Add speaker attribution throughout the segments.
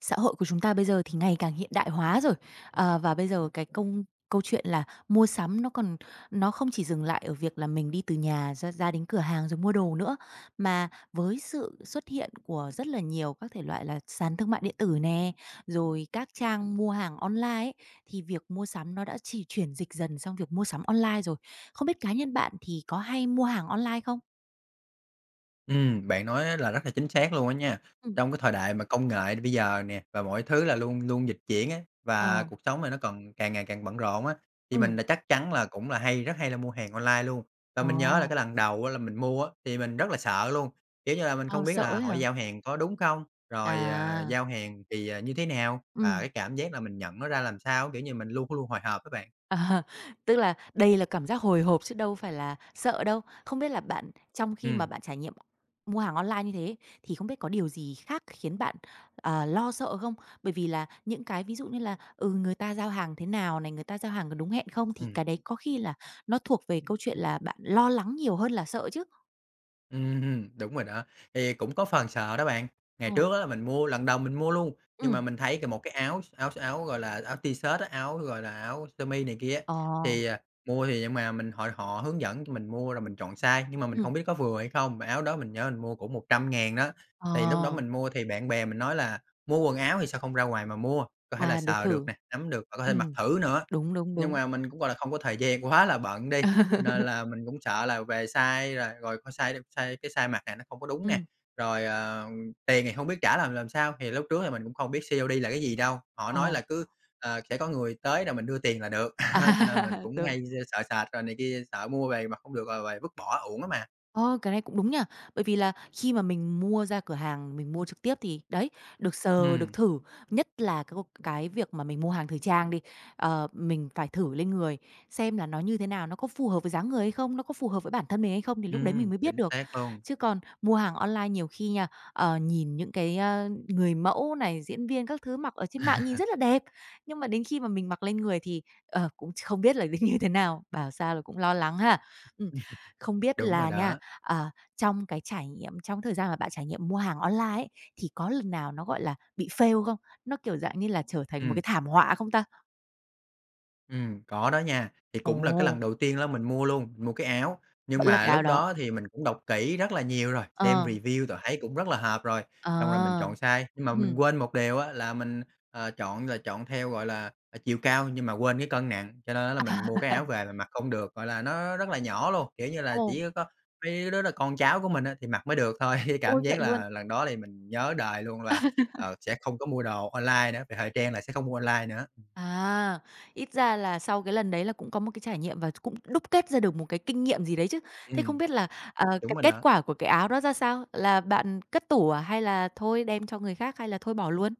Speaker 1: Xã hội của chúng ta bây giờ thì ngày càng hiện đại hóa rồi, ờ, và bây giờ cái công câu chuyện là mua sắm nó còn nó không chỉ dừng lại ở việc là mình đi từ nhà ra ra đến cửa hàng rồi mua đồ nữa. Mà với sự xuất hiện của rất là nhiều các thể loại là sàn thương mại điện tử nè, rồi các trang mua hàng online ấy, thì việc mua sắm nó đã chi chuyển dịch dần sang việc mua sắm online rồi. Không biết cá nhân bạn thì có hay mua hàng online không?
Speaker 2: Ừm, bạn nói á là, rất là chính xác luôn á nha.
Speaker 1: Ừm.
Speaker 2: Trong cái thời đại mà công nghệ bây giờ nè, và mọi thứ là luôn luôn dịch chuyển ấy, và
Speaker 1: Ờ.
Speaker 2: cuộc sống này nó còn càng ngày càng bận rộn á, thì mình
Speaker 1: Ừm.
Speaker 2: chắc chắn là cũng là hay, rất hay là mua hàng online luôn. Và mình nhớ là cái
Speaker 1: Ồ.
Speaker 2: lần đầu á, là mình mua á thì mình rất là sợ luôn, kiểu như là, mình
Speaker 1: Ờ,
Speaker 2: không biết
Speaker 1: sợ
Speaker 2: là
Speaker 1: ấy
Speaker 2: họ
Speaker 1: hả?
Speaker 2: giao hàng có đúng không, rồi, ờ,
Speaker 1: À.
Speaker 2: giao hàng thì, ờ, như thế nào và
Speaker 1: Ừm.
Speaker 2: cái cảm giác mà mình nhận nó ra làm sao, kiểu như, mình luôn luôn hồi hộp á bạn.
Speaker 1: À, tức là đây là cảm giác hồi hộp chứ đâu phải là sợ đâu. Không biết là bạn trong khi mà
Speaker 2: Ừm.
Speaker 1: bạn trải nghiệm mua hàng online như thế thì không biết có điều gì khác khiến bạn, ờ, lo sợ không? Bởi vì là những cái ví dụ như là, ừ, người ta giao hàng thế nào này, người ta giao hàng có đúng hẹn không thì cái
Speaker 2: Ừm.
Speaker 1: đấy có khi là nó thuộc về câu chuyện là bạn lo lắng nhiều hơn là sợ chứ.
Speaker 2: Ừm, đúng rồi đó, thì cũng có phần sợ đó bạn. Ngày
Speaker 1: Ồ.
Speaker 2: trước á là mình mua lần đầu mình mua luôn, nhưng mà
Speaker 1: Ừm.
Speaker 2: mình thấy c một cái áo s áo áo, gọi là, áo t-shirt á, áo, gọi là, áo sơ mi này kia á,
Speaker 1: Ờ.
Speaker 2: thì, ờ, mua thì nhưng mà mình họ họ hướng dẫn cho mình mua rồi mình chọn size nhưng mà mình
Speaker 1: Ừm.
Speaker 2: không biết có vừa hay không, mà áo đó mình nhớ mình mua cũng 100.000 đó. Thì lúc đó
Speaker 1: Ờ.
Speaker 2: mình mua thì bạn bè mình nói là mua quần áo thì sao không ra ngoài mà mua, có thể là
Speaker 1: À, được
Speaker 2: sờ được
Speaker 1: thử.
Speaker 2: nè, nắm được và có thể mặc
Speaker 1: Ừm,
Speaker 2: thử nữa.
Speaker 1: đúng, đúng,
Speaker 2: Nhưng
Speaker 1: đúng.
Speaker 2: mà mình cũng, gọi là, không có thời gian, quá là bận đi, cho nên là mình cũng sợ là về size rồi rồi coi size đi size cái size mặc nè nó không có đúng nè.
Speaker 1: Ừm.
Speaker 2: Rồi, ờ, tiền thì hông biết trả làm làm sao, thì lúc trước thì mình cũng không biết COD là cái gì đâu. Họ nói là
Speaker 1: Ờ.
Speaker 2: cứ ờ, sẽ có người tới rồi mình đưa tiền là được, cho nên mình
Speaker 1: À,
Speaker 2: cũng
Speaker 1: rồi.
Speaker 2: hay d sợ sệt rồi này kia, sợ mua về mặc hông được rồi rồi vứt bỏ uổng đó mà.
Speaker 1: Ơ, cái này cũng đúng nha. Bởi vì là khi mà mình mua ra cửa hàng mình mua trực tiếp thì, đấy, được sờ, được
Speaker 2: Ừm.
Speaker 1: thử, nhất là cái gộp cái việc mà mình mua hàng thời trang đi, ờ, mình phải thử lên người xem là nó như thế nào? Nó có phù hợp với dáng người hay không? Nó có phù hợp với bản thân mình hay không? Thì lúc đấy mình
Speaker 2: Ừm,
Speaker 1: mới biết
Speaker 2: chính
Speaker 1: được.
Speaker 2: xác luôn.
Speaker 1: Chứ còn mua hàng online nhiều khi nha, ờ, nhìn những cái, ơ, người mẫu này, diễn viên các thứ mặc ở trên mạng nhìn rất là đẹp, nhưng mà đến khi mà mình mặc lên người thì, ờ, cũng ch không biết là nó như thế nào, bảo sao là cũng lo lắng ha. Ừm, không biết
Speaker 2: Đúng rồi
Speaker 1: là nha,
Speaker 2: đó.
Speaker 1: ờ, trong cái trải nghiệm trong cái thời gian mà bạn trải nghiệm mua hàng online ấy, thì có lần nào nó, gọi là, bị fail không? Nó, kiểu, dạng như là, trở thành một cái
Speaker 2: Ừm.
Speaker 1: thảm họa không ta?
Speaker 2: Ừm, có đó nha. Thì cũng là cái lần
Speaker 1: Ồ.
Speaker 2: đầu tiên đó mình mua luôn, mua cái áo. Nhưng
Speaker 1: Vẫn là
Speaker 2: mà
Speaker 1: cái áo
Speaker 2: lúc
Speaker 1: đó.
Speaker 2: đó thì mình cũng đọc kỹ rất là nhiều rồi, xem
Speaker 1: Ờ.
Speaker 2: review rồi thấy cũng rất là hợp rồi, xong rồi mình
Speaker 1: À.
Speaker 2: chọn size. Nhưng mà mình
Speaker 1: Ừm.
Speaker 2: quên một điều á, là mình, ờ, chọn rồi chọn theo, gọi là, ờ, chiều cao nhưng mà quên cái cân nặng, cho nên á, là mình mua cái áo về là mặc không được, gọi là, nó rất là nhỏ luôn. Kiểu như là
Speaker 1: Ồ.
Speaker 2: chỉ có mấy cái đứa là con cháu của mình á, thì mặc mới được thôi. Chứ
Speaker 1: Ôi,
Speaker 2: cảm
Speaker 1: vậy
Speaker 2: giác
Speaker 1: luôn.
Speaker 2: là lần đó thì mình nhớ đời luôn là, ờ, sẽ không có mua đồ online nữa, về thời trang là sẽ không mua online nữa.
Speaker 1: À, ít ra là sau cái lần đấy là cũng có một cái trải nghiệm và ch cũng đúc kết ra được một cái kinh nghiệm gì đấy chứ. Thế không
Speaker 2: Ừm.
Speaker 1: biết là, ờ,
Speaker 2: Đúng
Speaker 1: cái
Speaker 2: rồi
Speaker 1: kết
Speaker 2: đó.
Speaker 1: quả của cái áo đó ra sao? Là bạn cất tủ à, hay là thôi đem cho người khác, hay là thôi bỏ luôn?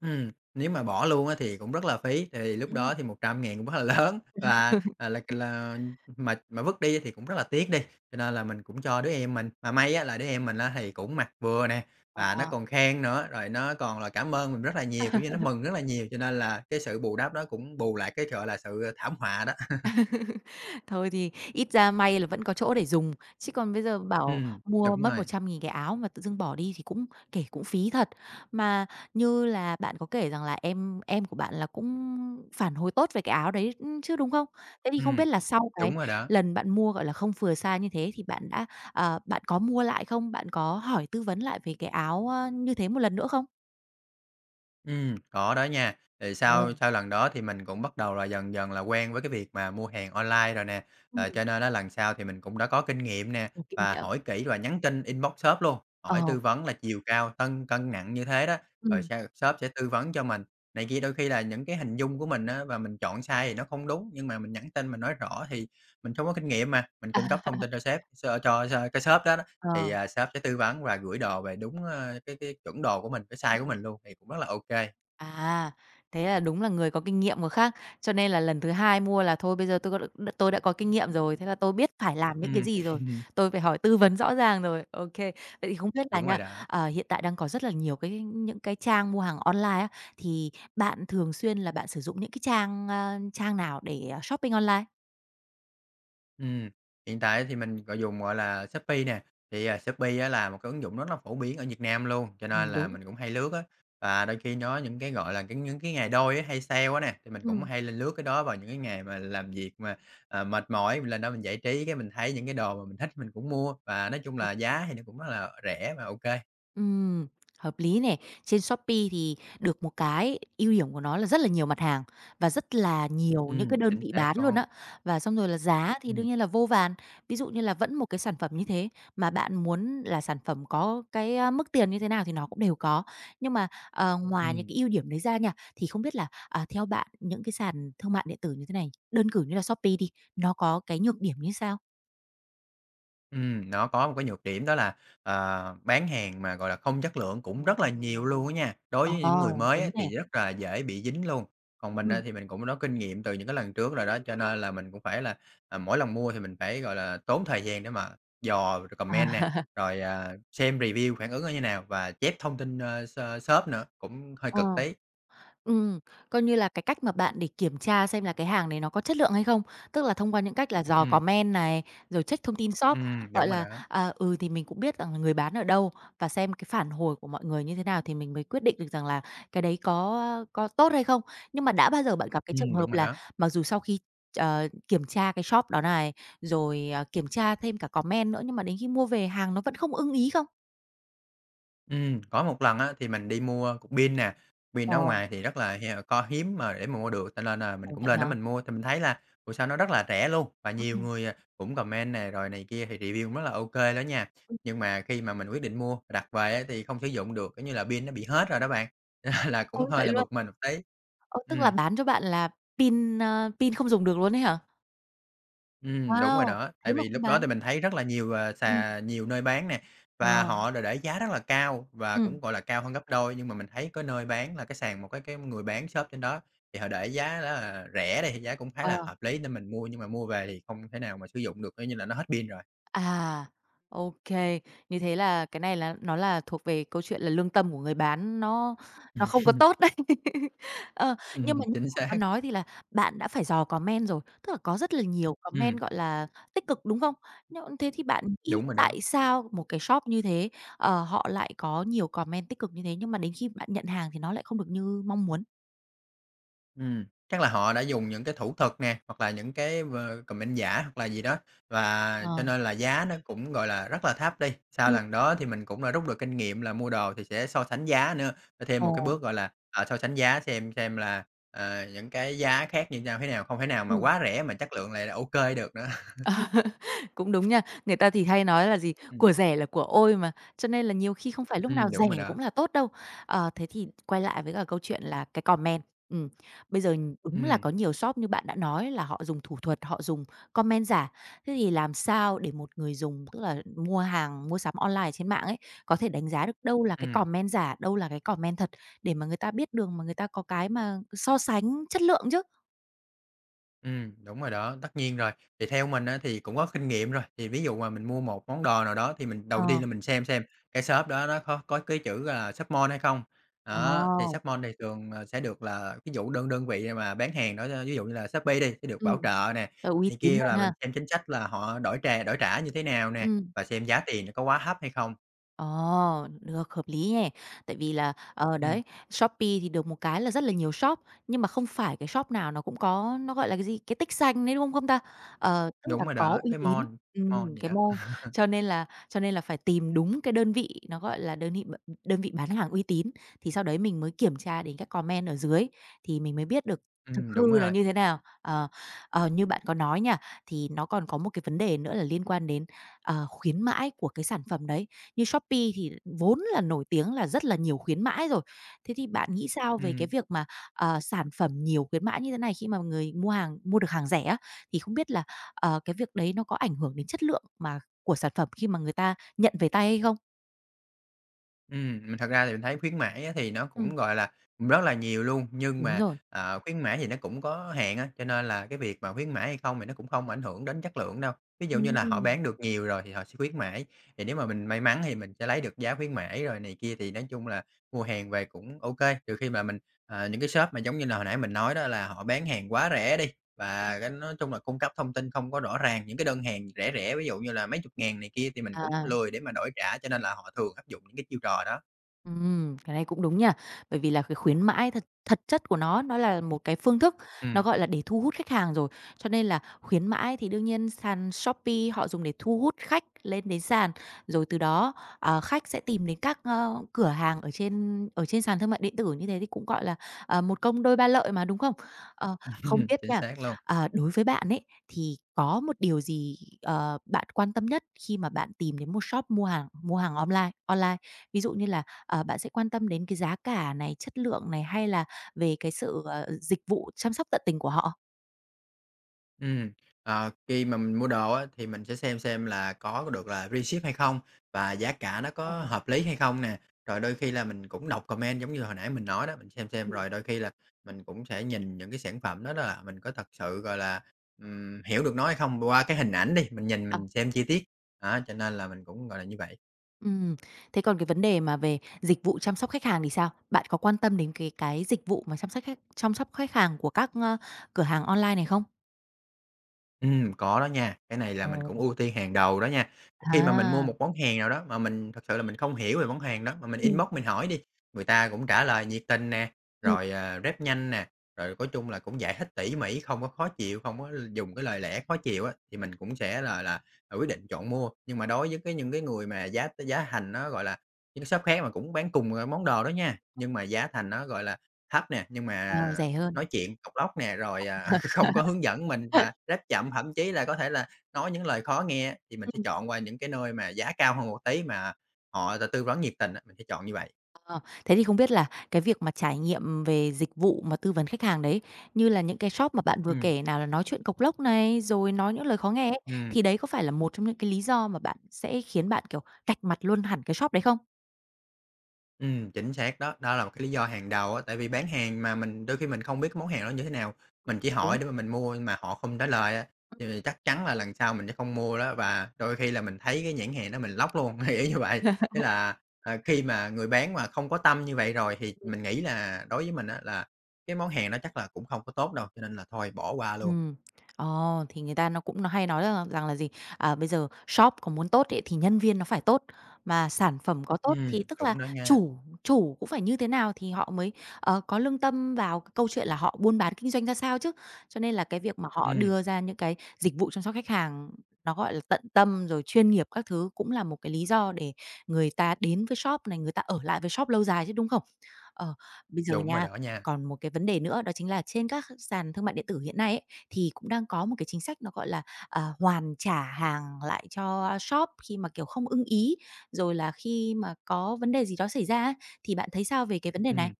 Speaker 2: Ừm, nếu mà bỏ luôn á, thì cũng rất là phí. Thì lúc
Speaker 1: Ừm.
Speaker 2: đó thì 100.000 cũng hơi lớn, là, ờ, là c là, ừm, mà mà vứt đi thì cũng rất là tiếc đi, cho nên là mình cũng cho đứa em mình. Mà may á, là đứa em mình á, thì cũng mặc vừa nè, và nó
Speaker 1: Ờ.
Speaker 2: còn khen nữa, rồi nó còn là cảm ơn mình rất là nhiều, kiểu như nó mừng rất là nhiều, cho nên là cái sự bù đắp nó cũng bù lại cái, gọi là, sự, ờ, thảm họa đó.
Speaker 1: Thôi thì ít ra may là vẫn có chỗ để dùng. Chứ còn bây giờ bảo
Speaker 2: Ừm,
Speaker 1: mua
Speaker 2: đúng
Speaker 1: mất một
Speaker 2: rồi.
Speaker 1: trăm nghìn cái áo mà tự dưng bỏ đi thì cũng, kể cũng phí thật. Mà như là bạn có kể rằng là em em của bạn là cũng phản hồi tốt về cái áo đấy, ưm, chứ, đúng không? Thế thì không
Speaker 2: Ừm.
Speaker 1: biết là sau cái
Speaker 2: Đúng rồi đó.
Speaker 1: lần bạn mua, gọi là, không vừa size như thế thì bạn đã, ờ bạn có mua lại không? Bạn có hỏi tư vấn lại về cái áo, ơ, như thế 1 lần nữa không?
Speaker 2: Ừm, có đó nha, thì
Speaker 1: Ờ.
Speaker 2: sau sau lần đó thì mình cũng bắt đầu là dần dần là quen với cái việc mà mua hàng online rồi nè. Ờ,
Speaker 1: Ừm.
Speaker 2: cho nên á, lần sau thì mình cũng đã có kinh nghiệm nè
Speaker 1: Có kinh
Speaker 2: và
Speaker 1: nghiệm.
Speaker 2: hỏi kỹ và nhắn tin, inbox shop luôn, hỏi
Speaker 1: Ờ.
Speaker 2: tư vấn là chiều cao, cân cân nặng như thế đó, rồi
Speaker 1: Ừm.
Speaker 2: s shop sẽ tư vấn cho mình này kia, đôi khi là những cái hình dung của mình á và mình chọn size thì nó không đúng, nhưng mà mình nhắn tin mình nói rõ thì mình không có kinh nghiệm mà, mình
Speaker 1: À.
Speaker 2: cung cấp thông tin cho sếp so cho cho cái shop đó đó, thì,
Speaker 1: Ờ.
Speaker 2: à, shop sẽ tư vấn và gửi đồ về đúng, a, cái cái chuẩn đồ của mình, cái size của
Speaker 1: Ừm.
Speaker 2: mình luôn thì cũng rất là ô kê.
Speaker 1: À, thế là đúng là người có kinh nghiệm có khác. Cho nên là lần thứ hai mua là thôi, bây giờ tôi có đ đ tôi đã có kinh nghiệm rồi, thế là tôi biết phải làm những cái
Speaker 2: Ừm.
Speaker 1: gì rồi, tôi phải hỏi tư vấn rõ ràng rồi. Ô kê. Vậy thì không biết là
Speaker 2: Đúng
Speaker 1: nha,
Speaker 2: rồi đó.
Speaker 1: ờ, hiện tại đang có rất là nhiều cái những cái trang mua hàng online á, thì bạn thường xuyên là bạn sử dụng những cái trang, a, trang nào để shopping online?
Speaker 2: Ừm, hiện tại thì mình gọi dùng, gọi là, Shopee nè. Thì, à, Shopee á là một cái ứng dụng rất là phổ biến ở Việt Nam luôn, cho nên
Speaker 1: Ừm,
Speaker 2: là
Speaker 1: đúng.
Speaker 2: mình cũng hay lướt á. Và đôi khi có những cái, gọi là, cái những cái ngày đôi á hay sale á nè, thì mình cũng
Speaker 1: Ừm.
Speaker 2: hay lên lướt cái đó vào những cái ngày mà làm việc mà, à, mệt mỏi, mình lên đó mình giải trí cái mình thấy những cái đồ mà mình thích mình cũng mua, và nói chung
Speaker 1: Ờ,
Speaker 2: là
Speaker 1: ờ.
Speaker 2: giá thì nó cũng rất là rẻ và ô kê.
Speaker 1: Ừm, hợp lý nè. Trên Shopee thì được một cái, ưu điểm của nó là rất là nhiều mặt hàng và rất là nhiều những cái
Speaker 2: Ừm,
Speaker 1: đơn
Speaker 2: chính
Speaker 1: vị
Speaker 2: xác
Speaker 1: bán luôn
Speaker 2: con
Speaker 1: á. Và xong rồi là giá thì
Speaker 2: Ừm.
Speaker 1: đương nhiên là vô vàn. Ví dụ như là vẫn một cái sản phẩm như thế, mà bạn muốn là sản phẩm có cái, a, mức tiền như thế nào thì nó cũng đều có. Nhưng mà, ờ, ngoài những
Speaker 2: Ừm.
Speaker 1: cái ưu điểm đấy ra nha, thì không biết là, à, theo bạn, những cái sàn thương mại điện tử như thế này, đơn cử như là Shopee đi, nó có cái nhược điểm như sao?
Speaker 2: Ừm, nó có một cái nhược điểm đó là, ờ, bán hàng mà, gọi là, không chất lượng cũng rất là nhiều luôn á nha. Đối
Speaker 1: Ờ,
Speaker 2: với những người mới
Speaker 1: đúng
Speaker 2: á,
Speaker 1: nè.
Speaker 2: thì rất là dễ bị dính luôn. Còn mình, a,
Speaker 1: Ừm.
Speaker 2: thì mình cũng có kinh nghiệm từ những cái lần trước rồi đó, cho nên là mình cũng phải là, à, mỗi lần mua thì mình phải, gọi là, tốn thời gian để mà dò c còm
Speaker 1: À.
Speaker 2: men nè, rồi, à, xem review phản ứng nó như nào và chép thông tin, ơ, s shop nữa, cũng hơi
Speaker 1: Ờ.
Speaker 2: cực tí.
Speaker 1: Ừm, coi như là, cái cách mà bạn để kiểm tra xem là cái hàng này nó có chất lượng hay không. Tức là thông qua những cách là dò
Speaker 2: Ừm.
Speaker 1: comment này, rồi check thông tin shop,
Speaker 2: Ừm,
Speaker 1: gọi
Speaker 2: đúng rồi
Speaker 1: là,
Speaker 2: đó.
Speaker 1: à, ừ, thì mình cũng biết rằng người bán ở đâu và xem cái phản hồi của mọi người như thế nào, thì mình mới quyết định được rằng là cái đấy có, a, có tốt hay không. Nhưng mà đã bao giờ bạn gặp cái trường
Speaker 2: Ừm,
Speaker 1: hợp
Speaker 2: đúng rồi
Speaker 1: là
Speaker 2: đó.
Speaker 1: mặc dù sau khi, ờ, kiểm tra cái shop đó này, rồi, ờ, kiểm tra thêm cả comment nữa, nhưng mà đến khi mua về hàng nó vẫn không ưng ý không?
Speaker 2: Ừm, có một lần á, thì mình đi mua cục pin nè. Pin ở
Speaker 1: Ờ.
Speaker 2: ngoài thì rất là, à, co hiếm mà để mà mua được, cho nên là mình
Speaker 1: Ồ,
Speaker 2: cũng
Speaker 1: vậy
Speaker 2: lên đó
Speaker 1: hả?
Speaker 2: mình mua. Thì mình thấy là ủa sao nó rất là rẻ luôn, và nhiều
Speaker 1: Ừm.
Speaker 2: người, à, cũng comment nè rồi này kia, thì review cũng rất là OK đó nha.
Speaker 1: Ừm.
Speaker 2: Nhưng mà khi mà mình quyết định mua mình đặt về á, thì không sử dụng được, kiểu như là pin nó bị hết rồi đó bạn, là cũng
Speaker 1: Ôi,
Speaker 2: hơi
Speaker 1: vậy
Speaker 2: là
Speaker 1: luôn?
Speaker 2: bực mình một tí.
Speaker 1: Ơ, tức là
Speaker 2: Ừm.
Speaker 1: bán cho bạn là pin, a, pin không dùng được luôn ấy hả?
Speaker 2: Ừm, đúng rồi
Speaker 1: Wow!
Speaker 2: đó.
Speaker 1: Thế
Speaker 2: Tại
Speaker 1: mà
Speaker 2: vì
Speaker 1: cũng
Speaker 2: lúc đó
Speaker 1: bán.
Speaker 2: thì mình thấy rất là nhiều, à,
Speaker 1: Ừm.
Speaker 2: sà nhiều nơi bán nè, và
Speaker 1: Ờ.
Speaker 2: họ để để giá rất là cao và
Speaker 1: Ừm.
Speaker 2: cũng, gọi là, cao hơn gấp đôi. Nhưng mà mình thấy cái nơi bán là cái sàn, một cái cái người bán shop trên đó thì họ để giá rất là rẻ đi, thì giá cũng khá là
Speaker 1: Ờ.
Speaker 2: hợp lý để mình mua. Nhưng mà mua về thì không thể nào mà sử dụng được, coi như là nó hết pin rồi.
Speaker 1: À, OK. Như thế là cái này là nó là thuộc về câu chuyện là lương tâm của người bán nó nó không có tốt đấy. Ờ, nhưng mà
Speaker 2: Ừm,
Speaker 1: như
Speaker 2: chính
Speaker 1: bạn có
Speaker 2: xác.
Speaker 1: nói thì là bạn đã phải dò comment rồi, tức là có rất là nhiều
Speaker 2: Ừm.
Speaker 1: comment, gọi là, tích cực, đúng không? Nhưng thế thì bạn nghĩ
Speaker 2: Đúng rồi đó.
Speaker 1: tại sao một cái shop như thế, ờ, họ lại có nhiều comment tích cực như thế, nhưng mà đến khi bạn nhận hàng thì nó lại không được như mong muốn?
Speaker 2: Ừm. Chắc là họ đã dùng những cái thủ thuật nè, hoặc là những cái m comment giả, hoặc là gì đó, và cho
Speaker 1: Ờ.
Speaker 2: nên là giá nó cũng, gọi là, rất là thấp đi. Sau
Speaker 1: Ừm.
Speaker 2: lần đó thì mình cũng đã rút được kinh nghiệm là mua đồ thì sẽ so sánh giá nữa, là thêm một cái
Speaker 1: Ồ.
Speaker 2: bước, gọi là, ờ, so sánh giá xem xem là, à, những cái giá khác như nhau thế nào, không thể nào mà
Speaker 1: Ừm.
Speaker 2: quá rẻ mà chất lượng lại là OK được nữa.
Speaker 1: Cũng đúng nha. Người ta thì hay nói là gì?
Speaker 2: Ừm.
Speaker 1: "Của rẻ là của ôi" mà, cho nên là nhiều khi không phải lúc nào
Speaker 2: Ừm,
Speaker 1: rẻ
Speaker 2: đúng rồi
Speaker 1: cũng
Speaker 2: đó.
Speaker 1: là tốt đâu. Ờ, thế thì quay lại với cả câu chuyện là cái comment, ừm, bây giờ đúng là có
Speaker 2: Ừm.
Speaker 1: nhiều shop như bạn đã nói, là họ dùng thủ thuật, họ dùng comment giả. Thế thì làm sao để một người dùng, tức là mua hàng, mua sắm online ở trên mạng ấy, có thể đánh giá được đâu là cái
Speaker 2: Ừm.
Speaker 1: comment giả, đâu là cái comment thật để mà người ta biết đường mà người ta có cái mà so sánh chất lượng chứ?
Speaker 2: Ừm, đúng rồi đó, tất nhiên rồi. Thì theo mình á thì cũng có kinh nghiệm rồi, thì ví dụ mà mình mua một món đồ nào đó, thì mình đầu tiên
Speaker 1: Ờ.
Speaker 2: là mình xem xem cái shop đó nó có có cái chữ, ờ, Shop Mall hay không. Đó, thì
Speaker 1: Ồ.
Speaker 2: Shop Mall thì thường, ờ, sẽ được là ví dụ đơn đơn vị mà bán hàng đó, ví ví dụ như là Shopee đi, sẽ được
Speaker 1: Ừm.
Speaker 2: bảo trợ nè,
Speaker 1: T uy
Speaker 2: này
Speaker 1: tín
Speaker 2: kia,
Speaker 1: hơn
Speaker 2: là mình
Speaker 1: ha?
Speaker 2: xem chính sách là họ đổi trà đổi trả như thế nào nè,
Speaker 1: Ừm.
Speaker 2: và xem giá tiền nó có quá thấp hay không.
Speaker 1: Ờ, được, hợp lý nè, tại vì là, ờ, đấy,
Speaker 2: Ừm.
Speaker 1: Shopee thì được một cái là rất là nhiều shop nhưng mà không phải cái shop nào nó cũng có nó, gọi là, cái gì, cái tích xanh đấy, đúng không không ta? Ờ, tức là
Speaker 2: Đúng rồi
Speaker 1: có
Speaker 2: đó,
Speaker 1: uy
Speaker 2: cái
Speaker 1: tín
Speaker 2: mall
Speaker 1: ừm,
Speaker 2: mall gì
Speaker 1: cái
Speaker 2: đó.
Speaker 1: mall. Cho nên là cho nên là phải tìm đúng cái đơn vị nó, gọi là, đơn nị b ừm, đơn vị bán hàng uy tín, thì sau đấy mình mới kiểm tra đến các comment ở dưới thì mình mới biết được thực
Speaker 2: Ừm,
Speaker 1: hư
Speaker 2: đúng
Speaker 1: nó
Speaker 2: rồi.
Speaker 1: như thế nào. Ờ, ờ, như bạn có nói nha, thì nó còn có một cái vấn đề nữa là liên quan đến, ờ, khuyến mãi của cái sản phẩm đấy, như Shopee thì vốn là nổi tiếng là rất là nhiều khuyến mãi rồi. Thế thì bạn nghĩ sao về cái
Speaker 2: Ừm.
Speaker 1: việc mà, ờ, sản phẩm nhiều khuyến mãi như thế này, khi mà người mua hàng mua được hàng rẻ á, thì không biết là, ờ, cái việc đấy nó có ảnh hưởng đến chất lượng mà của sản phẩm khi mà người ta nhận về tay hay không?
Speaker 2: Ừm, mà thật ra thì mình thấy khuyến mãi á, thì nó
Speaker 1: Ừm.
Speaker 2: cũng, gọi là, rất là nhiều luôn, nhưng
Speaker 1: Đúng
Speaker 2: mà,
Speaker 1: rồi.
Speaker 2: ờ, khuyến mãi thì nó cũng có hạn á, cho nên là cái việc mà khuyến mãi hay không thì nó cũng không ảnh hưởng đến chất lượng đâu. Ví dụ như là họ
Speaker 1: Ừm.
Speaker 2: bán được nhiều rồi thì họ sẽ khuyến mãi, thì nếu mà mình may mắn thì mình sẽ lấy được giá khuyến mãi rồi này kia thì nói chung là mua hàng về cũng OK. Trừ khi mà mình, à, những cái shop mà, giống như là, hồi nãy mình nói đó là họ bán hàng quá rẻ đi và cái nói chung là cung cấp thông tin không có rõ ràng. Những cái đơn hàng rẻ rẻ, ví dụ như là mấy chục ngàn này kia thì mình cũng
Speaker 1: À.
Speaker 2: lười để mà đổi trả, cho nên là họ thường áp dụng những cái chiêu trò đó.
Speaker 1: Ừm, cái này cũng đúng nhớ. Bởi vì là cái khuyến mãi thật thật chất của nó, nó là một cái phương thức, nó,
Speaker 2: Ừm.
Speaker 1: gọi là, để thu hút khách hàng rồi. Cho nên là khuyến mãi thì đương nhiên sàn Shopee họ dùng để thu hút khách lên đến sàn. Rồi từ đó, ờ, khách sẽ tìm đến các cửa hàng ở trên ở trên sàn thương mại điện tử như thế thì cũng, gọi là, ờ, một công đôi ba lợi mà, đúng không? Ờ, không biết
Speaker 2: Chính
Speaker 1: nha,
Speaker 2: xác luôn.
Speaker 1: ờ, đối với bạn ấy, thì có một điều gì, ờ, bạn quan tâm nhất khi mà bạn tìm đến một shop mua hàng mua hàng online online, ví dụ như là, ờ, bạn sẽ quan tâm đến cái giá cả này, chất lượng này hay là về cái sự, ờ, dịch vụ chăm sóc tận tình của họ?
Speaker 2: Ừm, ờ, khi mà mình mua đồ á thì mình sẽ xem xem là có được là freeship hay không và giá cả nó
Speaker 1: Ờ.
Speaker 2: có hợp lý hay không nè, rồi đôi khi là mình cũng đọc comment giống như hồi nãy mình nói đó. Mình xem xem
Speaker 1: Ừm.
Speaker 2: rồi đôi khi là mình cũng sẽ nhìn những cái sản phẩm đó đó là mình có thật sự, gọi là, ừm, hiểu được nó hay không qua cái hình ảnh đi. Mình nhìn
Speaker 1: À.
Speaker 2: mình xem chi tiết, đó cho nên là mình cũng, gọi là, như vậy.
Speaker 1: Ừm, thế còn cái vấn đề mà về dịch vụ chăm sóc khách hàng thì sao? Bạn có quan tâm đến cái cái dịch vụ mà chăm sắc khách chăm sóc khách hàng của các, ờ, cửa hàng online này không?
Speaker 2: Ừm, có đó nha, cái này là
Speaker 1: Ờ.
Speaker 2: mình cũng ưu tiên hàng đầu đó nha. Khi mà mình mua
Speaker 1: À.
Speaker 2: một món hàng nào đó mà mình thực sự là mình không hiểu về món hàng đó mà mình
Speaker 1: Ừm.
Speaker 2: inbox mình hỏi đi, người ta cũng trả lời nhiệt tình nè,
Speaker 1: Ừm.
Speaker 2: rồi, ờ, rep nhanh nè, rồi có chung là cũng dạy hết tỉ mỉ, không có khó chịu, không có l dùng cái lời lẽ khó chịu á, thì mình cũng sẽ là là, à, quyết định chọn mua. Nhưng mà đối với cái những cái người mà giá t giá thành nó, gọi là những cái shop khác mà cũng bán cùng, à, món đồ đó nha, nhưng mà giá thành nó, gọi là, thấp nè, nhưng
Speaker 1: Ờ,
Speaker 2: mà
Speaker 1: rẻ hơn.
Speaker 2: nói chuyện cộc lốc nè, rồi, à, không có
Speaker 1: [unintelligible]
Speaker 2: hướng dẫn mình và rep chậm, thậm chí là có thể là nói những lời khó nghe, thì mình sẽ
Speaker 1: Ừm.
Speaker 2: chọn qua những cái nơi mà giá cao hơn một tí mà họ t tư vấn nhiệt tình á. Mình sẽ chọn như vậy.
Speaker 1: Ờ, thế thì không biết là cái việc mà trải nghiệm về dịch vụ mà tư vấn khách hàng đấy, như là những cái shop mà bạn vừa
Speaker 2: Ừm.
Speaker 1: kể nào là nói chuyện cộc lốc này, rồi nói những lời khó nghe ấy,
Speaker 2: Ừm.
Speaker 1: thì đấy có phải là một trong những cái lý do mà bạn sẽ khiến bạn, kiểu, cạch mặt luôn hẳn cái shop đấy không?
Speaker 2: Ừm, chính xác đó, đó là một cái lý do hàng đầu á. Tại vì bán hàng mà mình đôi khi mình không biết cái món hàng đó như thế nào, mình chỉ hỏi
Speaker 1: Đúng.
Speaker 2: để mà mình mua nhưng mà họ không trả lời á,
Speaker 1: Ừm.
Speaker 2: thì chắc chắn là lần sau mình sẽ không mua đó, và đôi khi là mình thấy cái nhãn hàng đó mình block luôn, thì y như vậy. Thế là, à, khi mà người bán mà không có tâm như vậy rồi thì
Speaker 1: Ừm.
Speaker 2: mình nghĩ là đối với mình á, là cái món hàng đó chắc là cũng không có tốt đâu, cho nên là thôi bỏ qua luôn.
Speaker 1: Ừm, ờ, thì người ta nó cũng n hay nói, ờ, rằng là gì. À, bây giờ shop có muốn tốt ấy thì nhân viên nó phải tốt, mà sản phẩm có tốt
Speaker 2: Ừm,
Speaker 1: thì tức là
Speaker 2: đúng đó nha.
Speaker 1: chủ chủ cũng phải như thế nào thì họ mới, ờ, có lương tâm vào c câu chuyện là họ buôn bán, kinh doanh ra sao chứ. Cho nên là cái việc mà họ
Speaker 2: Ừm.
Speaker 1: đưa ra những cái dịch vụ chăm sóc khách hàng nó, gọi là, tận tâm, rồi chuyên nghiệp các thứ cũng là một cái lý do để người ta đến với shop này, người ta ở lại với shop lâu dài chứ, đúng không? Ờ, bây giờ
Speaker 2: Đúng rồi
Speaker 1: nha,
Speaker 2: đó nha.
Speaker 1: còn một cái vấn đề nữa đó chính là trên các h sàn thương mại điện tử hiện nay ấy, thì cũng đang có một cái chính sách nó gọi là, à, hoàn trả hàng lại cho shop khi mà, kiểu, không ưng ý, rồi là khi mà có vấn đề gì đó xảy ra ấy. Thì bạn thấy sao về cái vấn đề này?
Speaker 2: Ừm.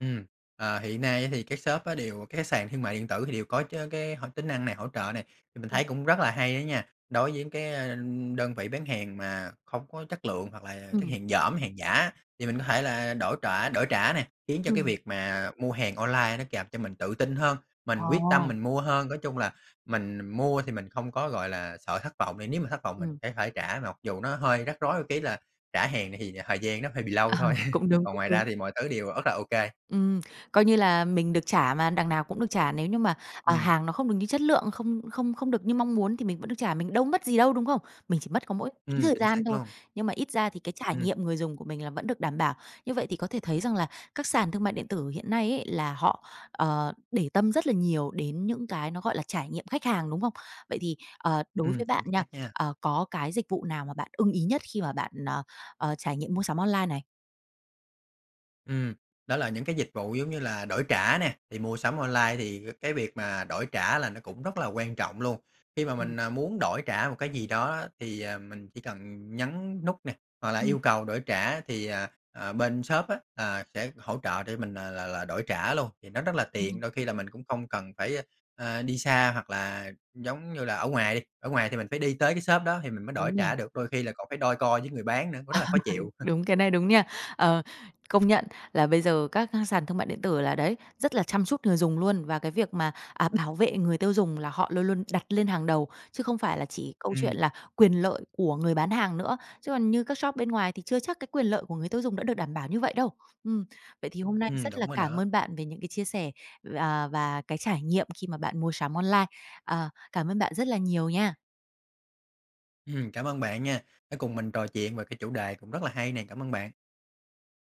Speaker 2: Ừm, ờ, hiện nay thì cái shop á đều cái sàn thương mại điện tử thì đều có chớ cái hoạt tính năng này hỗ trợ này, thì mình
Speaker 1: Ừm.
Speaker 2: thấy cũng rất là hay đó nha. Đối với cái đơn vị bán hàng mà hông có chất lượng hoặc là chất
Speaker 1: Ừm.
Speaker 2: hàng dỏm, hàng giả, thì mình có thể là đổi trả đổi trả này, khiến cho cái
Speaker 1: Ừm.
Speaker 2: việc mà mua hàng online nó càng cho mình tự tin hơn, mình quyết tâm
Speaker 1: Ờ.
Speaker 2: mình mua hơn. Nói chung là mình mua thì mình không có, gọi là, sợ thất vọng. Thì nếu mà thất vọng mình
Speaker 1: Ừm.
Speaker 2: sẽ phải trả, mặc dù nó hơi rắc rối một cái là trả hàng này thì thời gian nó hơi bị lâu
Speaker 1: À,
Speaker 2: thôi,
Speaker 1: cũng đúng,
Speaker 2: còn
Speaker 1: cũng
Speaker 2: ngoài ra
Speaker 1: đúng.
Speaker 2: thì mọi thứ đều rất là OK.
Speaker 1: Ừm, coi như là mình được trả mà, đằng nào cũng được trả nếu như mà, à,
Speaker 2: Ừm.
Speaker 1: hàng nó không được như chất lượng, không không không được như mong muốn thì mình vẫn được trả, mình đâu mất gì đâu, đúng không? Mình chỉ mất có mỗi tí
Speaker 2: Ừm,
Speaker 1: thời
Speaker 2: chính
Speaker 1: gian
Speaker 2: xác
Speaker 1: thôi.
Speaker 2: luôn.
Speaker 1: Nhưng mà ít ra thì cái trải
Speaker 2: Ừm.
Speaker 1: nghiệm người dùng của mình là vẫn được đảm bảo. Như vậy thì có thể thấy rằng là các sàn thương mại điện tử hiện nay ấy, là họ, ờ, để tâm rất là nhiều đến những cái nó gọi là trải nghiệm khách hàng, đúng không? Vậy thì, ờ, đối với
Speaker 2: Ừm,
Speaker 1: bạn
Speaker 2: chính
Speaker 1: nha,
Speaker 2: xác nha.
Speaker 1: ờ, có cái dịch vụ nào mà bạn ưng ý nhất khi mà bạn, ờ, ờ, trải nghiệm mua sắm online này?
Speaker 2: Ừm, đó là những cái dịch vụ giống như là đổi trả nè. Thì mua sắm online thì c cái việc mà đổi trả là nó cũng rất là quan trọng luôn. Khi mà
Speaker 1: Ừm.
Speaker 2: mình, ờ, muốn đổi trả một cái gì đó đó thì, à, mình chỉ cần nhấn nút nè, hoặc là
Speaker 1: Ừm.
Speaker 2: yêu cầu đổi trả thì, à, à, bên shop á, à, sẽ hỗ trợ để mình, à, là là đổi trả luôn, thì nó rất là tiện.
Speaker 1: Ừm.
Speaker 2: Đôi khi là mình cũng không cần phải, a, à, đi xa hoặc là giống như là ở ngoài đi. Ở ngoài thì mình phải đi tới cái shop đó thì mình mới đổi
Speaker 1: Đúng nhỉ?
Speaker 2: trả được, đôi khi là còn phải đôi co với người bán nữa, cũng rất là khó chịu.
Speaker 1: Đúng, cái này đúng nha. Ờ, công nhận là bây giờ các sàn thương mại điện tử là đấy, rất là chăm chút người dùng luôn. Và cái việc mà, à, bảo vệ người tiêu dùng là họ luôn luôn đặt lên hàng đầu, chứ không phải là chỉ câu chuyện
Speaker 2: Ừm.
Speaker 1: là quyền lợi của người bán hàng nữa. Chứ còn như các shop bên ngoài thì chưa chắc cái quyền lợi của người tiêu dùng đã được đảm bảo như vậy đâu. Ừm, vậy thì hôm nay
Speaker 2: Ừm,
Speaker 1: rất là
Speaker 2: đúng rồi
Speaker 1: cảm
Speaker 2: đó.
Speaker 1: ơn bạn về những cái chia sẻ v à, và cái trải nghiệm khi mà bạn mua sắm online. À, cảm ơn bạn rất là nhiều nha!
Speaker 2: Ừm, cảm ơn bạn nha, đã cùng mình trò chuyện về cái chủ đề cũng rất là hay nè. Cảm ơn bạn!